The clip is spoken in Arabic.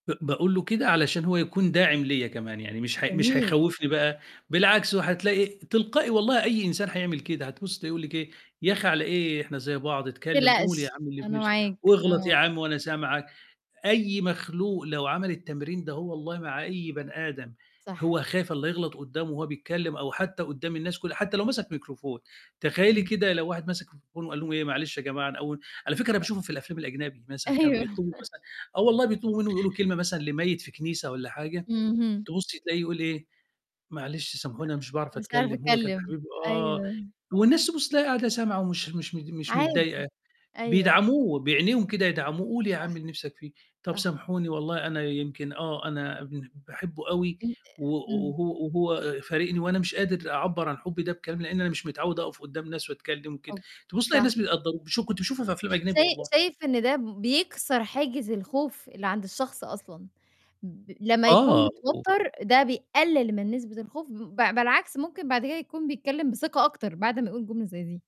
ب باقُول له كده علشان هو يكون داعم ليّا كمان يعني مش ه مش جميل. هيخوّفني بقى، بالعكس هتلاقي تلقائي والله أي إنسان هيعمل كده، هتبُص تلاقيه يقُول لِك إيه؟ يا أخي على إيه إحنا زي بعض اتكلم قُل يا تقلقش، عم اللي في أنا نِفْسك، معاك، واغلط آه. يا عم وأنا سامعك، أي مخلوق لو عمل التمرين دهو والله مع بَني آدم صح. هو خايف الّا يغلط قدّامه وهو بيتكّلم أو حتى قدّام الناس كُلّه حتى لو مسك ميكروفون، تخيّلي إمم. كده لو واحد ماسِك ميكروفون وقال لهم إيه معلش يا جماعة أنا أول على فكرة أنا باشوفه في الأفلام الأجنبي مثلًا كانوا أيوه بيطلبوا مثلًا آه الله، بيطلبوا مِنّه يقولوا كلمة مثلًا لميّت في كنيسة والّا حاجة، اهم. تبُصي تلاقيه يقول إيه "معلش سامحوني أنا مش باعرف مش عارف أتكلم هو كان أتكلم، حبيبي آه"، أيوه. والناس تبُص تلاقيها قاعدة سامعة ومش مش مت مش عادي، متضايقة، أيوه. بيدعموه بعينيهم كده يدعموه قُل يا صح، عم اللي نِفْسك فيه "طَب صح. سامحوني والله أنا يمكن، آه، أنا بن باحبه أوي أن و إمم. وهو وهو فارقني وأنا مش قادر أعبّر عن حُبي ده بكلام لإن أنا مش متعود أقف قدّام ناس وأتكلم كده" أوك تبُص تلاقي صح. الناس بيقدّروه بشو كنت اشوفها في أفلام أجنبي شاي والله. شايف إن ده بيكسر حاجز الخوف اللي عند الشخص أصلًا؟ ب لمّا يكون آه و متوتر ده بيقلل من نسبة الخوف ب بالعكس ممكن بعد كده يكون بيتكلم بثقة أكتر بعد ما يقُول جملة زي دي.